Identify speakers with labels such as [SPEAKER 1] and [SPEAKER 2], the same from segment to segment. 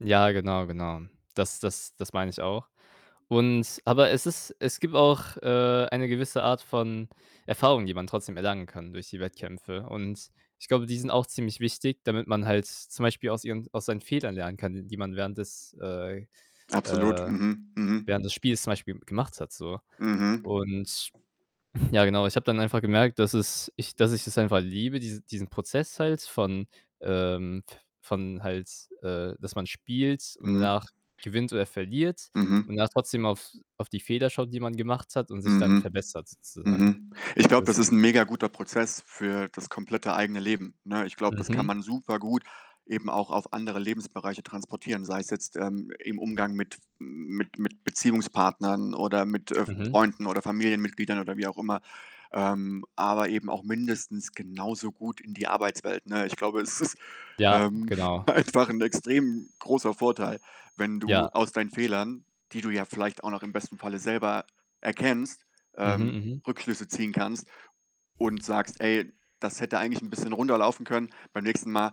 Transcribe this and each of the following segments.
[SPEAKER 1] Ja, genau, genau. Das das das meine ich auch und aber es ist es gibt auch, äh, eine gewisse Art von Erfahrung, die man trotzdem erlangen kann durch die Wettkämpfe und ich glaube, die sind auch ziemlich wichtig, damit man halt zum Beispiel aus ihren aus seinen Fehlern lernen kann, die man während des äh,
[SPEAKER 2] Absolut.
[SPEAKER 1] äh,
[SPEAKER 2] Mhm. Mhm.
[SPEAKER 1] während des Spiels zum Beispiel gemacht hat so
[SPEAKER 2] Mhm.
[SPEAKER 1] und ja, genau, ich habe dann einfach gemerkt, dass es ich dass ich es einfach liebe, diese diesen Prozess halt von ähm, v von halt, äh, dass man spielt und
[SPEAKER 2] Mhm.
[SPEAKER 1] danach gewinnt oder verliert und
[SPEAKER 2] Mhm.
[SPEAKER 1] dann trotzdem auf auf die Fehler schaut, die man gemacht hat und sich dann
[SPEAKER 2] Mhm.
[SPEAKER 1] verbessert sozusagen.
[SPEAKER 2] Mhm. Ich glaube,
[SPEAKER 1] Das
[SPEAKER 2] das ist 'n mega guter Prozess für das komplette eigene Leben, ne? Ich glaube, das kann
[SPEAKER 1] Mhm.
[SPEAKER 2] man super gut eben auch auf andere Lebensbereiche transportieren. Sei es jetzt, ähm, im Umgang mit f mit mit Beziehungspartnern oder mit, äh,
[SPEAKER 1] Mhm.
[SPEAKER 2] Freunden oder Familienmitgliedern oder wie auch immer, ähm, aber eben auch mindestens genauso gut in die Arbeitswelt, ne? Ich glaube, es ist,
[SPEAKER 1] Ja,
[SPEAKER 2] ähm,
[SPEAKER 1] genau.
[SPEAKER 2] einfach 'n extrem großer Vorteil, wenn du
[SPEAKER 1] Ja.
[SPEAKER 2] aus deinen Fehlern, die du ja vielleicht auch noch im besten Falle selber erkennst,
[SPEAKER 1] Mhm,
[SPEAKER 2] ähm,
[SPEAKER 1] mhm.
[SPEAKER 2] Rückschlüsse ziehen kannst und sagst: „Ey, das hätte eigentlich 'n bisschen runder laufen können. Beim nächsten Mal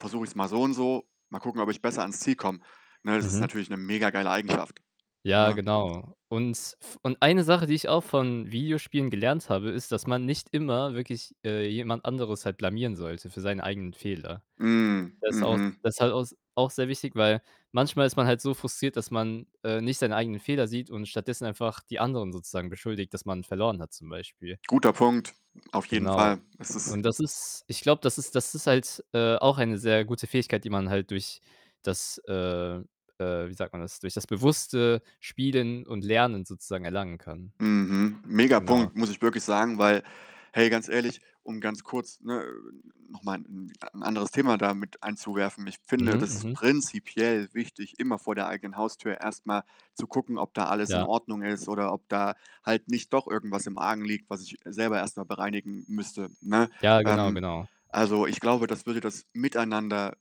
[SPEAKER 2] versuche ich's mal so und so. Mal gucken, ob ich besser ans Ziel komme.“ Ne, das ist
[SPEAKER 1] Mhm.
[SPEAKER 2] natürlich 'ne mega geile Eigenschaft,
[SPEAKER 1] Ja,
[SPEAKER 2] ne?
[SPEAKER 1] genau, und f und 1 Sache, die ich auch von Videospielen gelernt habe, ist, dass man nicht immer wirklich, äh, jemand anderes halt blamieren sollte für seine eigenen Fehler.
[SPEAKER 2] Hm,
[SPEAKER 1] Das ist auch s
[SPEAKER 2] mhm.
[SPEAKER 1] das ist halt auch s auch sehr wichtig, weil manchmal ist man halt so frustriert, dass man, äh, nicht seine eigenen Fehler sieht und stattdessen einfach die anderen sozusagen beschuldigt, dass man verloren hat zum Beispiel.
[SPEAKER 2] Guter Punkt. Auf jeden
[SPEAKER 1] Genau.
[SPEAKER 2] Fall. Es ist
[SPEAKER 1] Und das ist ich glaube, das ist das ist halt, äh, auch eine sehr gute Fähigkeit, die man halt durch das äh, äh, wie sagt man das, durch das bewusste Spielen und Lernen sozusagen erlangen kann.
[SPEAKER 2] Mhm. Mega
[SPEAKER 1] Genau.
[SPEAKER 2] Punkt, muss ich wirklich sagen, weil hey, ganz ehrlich, um ganz kurz, ne, noch mal 'n 'n anderes Thema da mit einzuwerfen, ich finde
[SPEAKER 1] Mhm,
[SPEAKER 2] das ist
[SPEAKER 1] mhm.
[SPEAKER 2] prinzipiell wichtig, immer vor der eigenen Haustür erst mal zu gucken, ob da alles in
[SPEAKER 1] Ja.
[SPEAKER 2] Ordnung ist oder ob da halt nicht doch irgendwas im Argen liegt, was ich selber erst mal bereinigen müsste, ne?
[SPEAKER 1] Ja, genau,
[SPEAKER 2] Ähm,
[SPEAKER 1] genau.
[SPEAKER 2] also, ich glaube, das würde das Miteinander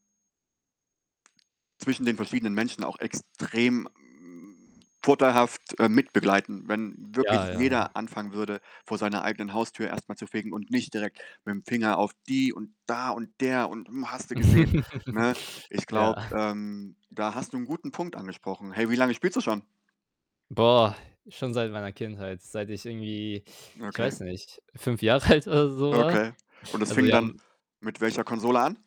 [SPEAKER 2] zwischen den verschiedenen Menschen auch extrem, hm, vorteilhaft, äh, mitbegleiten, wenn
[SPEAKER 1] Ja,
[SPEAKER 2] wirklich
[SPEAKER 1] ja,
[SPEAKER 2] jeder
[SPEAKER 1] ja.
[SPEAKER 2] anfangen würde, vor seiner eigenen Haustür erst mal zu fegen und nicht direkt mit'm Finger auf die und da und der und, hm, hast du gesehen, ne? Ich
[SPEAKER 1] Ja.
[SPEAKER 2] glaube, ähm, da hast du 'n guten Punkt angesprochen. Hey, wie lange spielst du schon?
[SPEAKER 1] Boah, schon seit meiner Kindheit, seit ich irgendwie, ich
[SPEAKER 2] Okay.
[SPEAKER 1] weiß nicht, 5 Jahre alt oder so war.
[SPEAKER 2] Okay. Und das
[SPEAKER 1] Also,
[SPEAKER 2] fing
[SPEAKER 1] wir
[SPEAKER 2] dann
[SPEAKER 1] haben
[SPEAKER 2] mit welcher Konsole an?